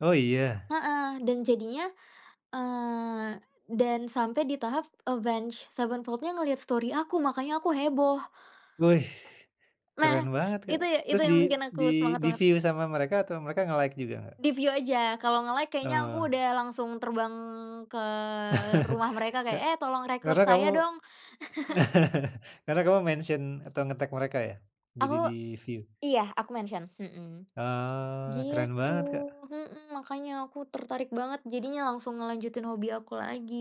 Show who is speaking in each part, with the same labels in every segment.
Speaker 1: Oh, iya?
Speaker 2: Heeh, dan jadinya, eee, dan sampai di tahap Avenged Sevenfold-nya ngelihat story aku, makanya aku heboh.
Speaker 1: Wih,
Speaker 2: Nah,
Speaker 1: keren banget Kak.
Speaker 2: itu itu
Speaker 1: Terus di
Speaker 2: yang bikin aku
Speaker 1: di
Speaker 2: semangat banget.
Speaker 1: di-view sama mereka atau mereka nge-like juga Kak?
Speaker 2: Di view aja, kalau nge-like kayaknya
Speaker 1: Oh.
Speaker 2: aku udah langsung terbang ke rumah mereka
Speaker 1: Ka
Speaker 2: kayak, "Eh, tolong
Speaker 1: karena
Speaker 2: rekrut
Speaker 1: kamu
Speaker 2: saya dong."
Speaker 1: karena kamu mention atau ngetag mereka ya? Jadi
Speaker 2: Oh
Speaker 1: di-view.
Speaker 2: iya, aku mention mhm,
Speaker 1: Oh, keren
Speaker 2: gitu
Speaker 1: banget Kak.
Speaker 2: mhm, makanya aku tertarik banget, jadinya langsung ngelanjutin hobi aku lagi.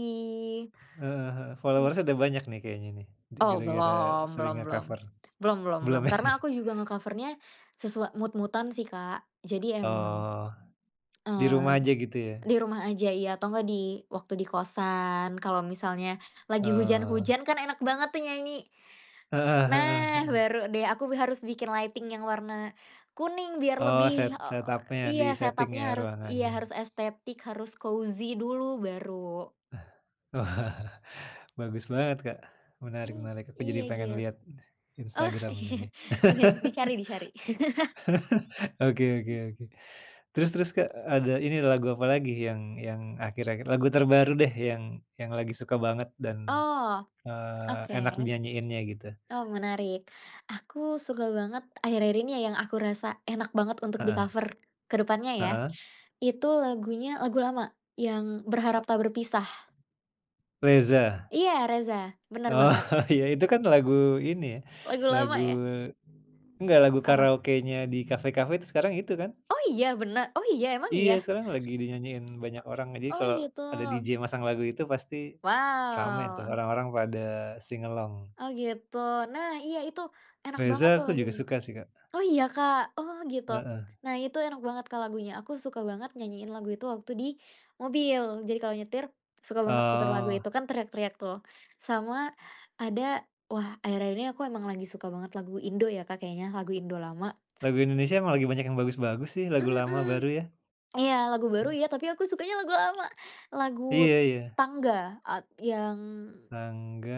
Speaker 1: Heeh heeh, followers ada
Speaker 2: Mhm.
Speaker 1: banyak nih, kayaknya nih, di
Speaker 2: Oh,
Speaker 1: gara-gara
Speaker 2: belum,
Speaker 1: sering
Speaker 2: belum belum,
Speaker 1: nge-cover.
Speaker 2: belum belum
Speaker 1: Belum
Speaker 2: belum,
Speaker 1: ya?
Speaker 2: karena aku juga nge-cover-nya sesua mood-mood-an sih Kak. Jadi emang,
Speaker 1: Oh. Di rumah
Speaker 2: eee,
Speaker 1: aja, gitu ya?
Speaker 2: di rumah aja iya atau enggak di waktu di kostan kalau misalnya lagi
Speaker 1: Oh.
Speaker 2: hujan-hujan, kan enak banget tuh nyanyi.
Speaker 1: Heeh heeh
Speaker 2: Nah,
Speaker 1: heeh.
Speaker 2: baru deh aku be harus bikin lighting yang warna kuning biar
Speaker 1: Oh,
Speaker 2: lebih,
Speaker 1: set
Speaker 2: eee
Speaker 1: setup-nya,
Speaker 2: iya,
Speaker 1: di-seting
Speaker 2: setup-nya
Speaker 1: ya,
Speaker 2: harus iya
Speaker 1: ruangannya?
Speaker 2: harus estetik, harus cozy dulu, baru.
Speaker 1: Wah, bagus banget Kak.
Speaker 2: Hmm,
Speaker 1: Menarik-menarik, aku jadi
Speaker 2: iya
Speaker 1: pengen
Speaker 2: git
Speaker 1: lihat
Speaker 2: oh
Speaker 1: Instagram-nya
Speaker 2: iya,
Speaker 1: nih.
Speaker 2: oke, dicari dicari.
Speaker 1: Oke oke oke, terus terus Kak, ada ini lagu apa lagi yang yang akhir-akhir lagu terbaru deh yang, yang lagi suka banget dan,
Speaker 2: Oh.
Speaker 1: eee, enak di
Speaker 2: Oke.
Speaker 1: nyanyiinnya gitu?
Speaker 2: Oh, menarik. Aku suka banget, akhir-akhir ini ya yang aku rasa enak banget untuk
Speaker 1: Heeh.
Speaker 2: di-cover kedepannya ya.
Speaker 1: Heeh.
Speaker 2: Itu, lagunya lagu lama, yang "Berharap
Speaker 1: E
Speaker 2: Tak Berpisah."
Speaker 1: Reza.
Speaker 2: Iya, Reza. Benar
Speaker 1: Oh,
Speaker 2: banget.
Speaker 1: iya, itu kan lagu ini,
Speaker 2: Lagu lama
Speaker 1: lagu
Speaker 2: ya?
Speaker 1: enggak, lagu
Speaker 2: Apa?
Speaker 1: karaokenya di kafe-kafe tuh, sekarang itu kan?
Speaker 2: Oh, iya bene oh iya, emang
Speaker 1: Iya,
Speaker 2: iya?
Speaker 1: sekarang lagi dinyanyiin banyak orang. Jadi,
Speaker 2: O oh,
Speaker 1: kalau
Speaker 2: gitu?
Speaker 1: ada DJ masang lagu itu, pasti rame tuh,
Speaker 2: Wow.
Speaker 1: orang-orang pada, sing-along.
Speaker 2: Oh, gitu? Nah, iya, itu enak
Speaker 1: Reza,
Speaker 2: banget tuh,
Speaker 1: aku juga
Speaker 2: lagunya.
Speaker 1: suka sih Kak.
Speaker 2: Oh iya Kak? Oh, gitu?
Speaker 1: Heeh.
Speaker 2: Nah, itu enak banget Kak lagunya, aku suka banget nyanyiin lagu itu waktu di mobil, jadi kalau nyetir, suka banget putar lagu
Speaker 1: Oh.
Speaker 2: itu kan, teriak-teriak tuh. Sama, ada, wah akhir-akhir ini aku emang lagi suka banget lagu Indo ya Kak, kayaknya, lagu Indo lama.
Speaker 1: Lagu Indonesia emang lagi banyak yang bagus-bagus sih, lagu lama,
Speaker 2: Mhm.
Speaker 1: baru, ya?
Speaker 2: Iya, lagu baru
Speaker 1: Mhm.
Speaker 2: iya, tapi aku sukanya lagu lama, lagu
Speaker 1: Iya iya.
Speaker 2: Tangga at yang
Speaker 1: Tangga,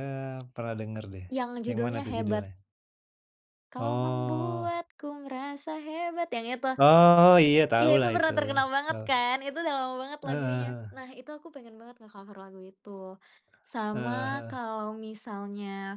Speaker 1: pernah denger deh.
Speaker 2: yang
Speaker 1: Yang mana
Speaker 2: judulnya
Speaker 1: tuh,
Speaker 2: "Hebat."
Speaker 1: judulnya?
Speaker 2: "Kau
Speaker 1: Oh.
Speaker 2: membuatku merasa hebat," yang itu.
Speaker 1: Oh iya,
Speaker 2: Iya itu
Speaker 1: tahulah
Speaker 2: pernah
Speaker 1: itu,
Speaker 2: terkenal banget
Speaker 1: tahu.
Speaker 2: kan, itu udah lama banget
Speaker 1: Heeh
Speaker 2: lagunya.
Speaker 1: heeh.
Speaker 2: Nah, itu aku pengen banget nge-cover lagu itu. Sama,
Speaker 1: Heeh heeh.
Speaker 2: kalau misalnya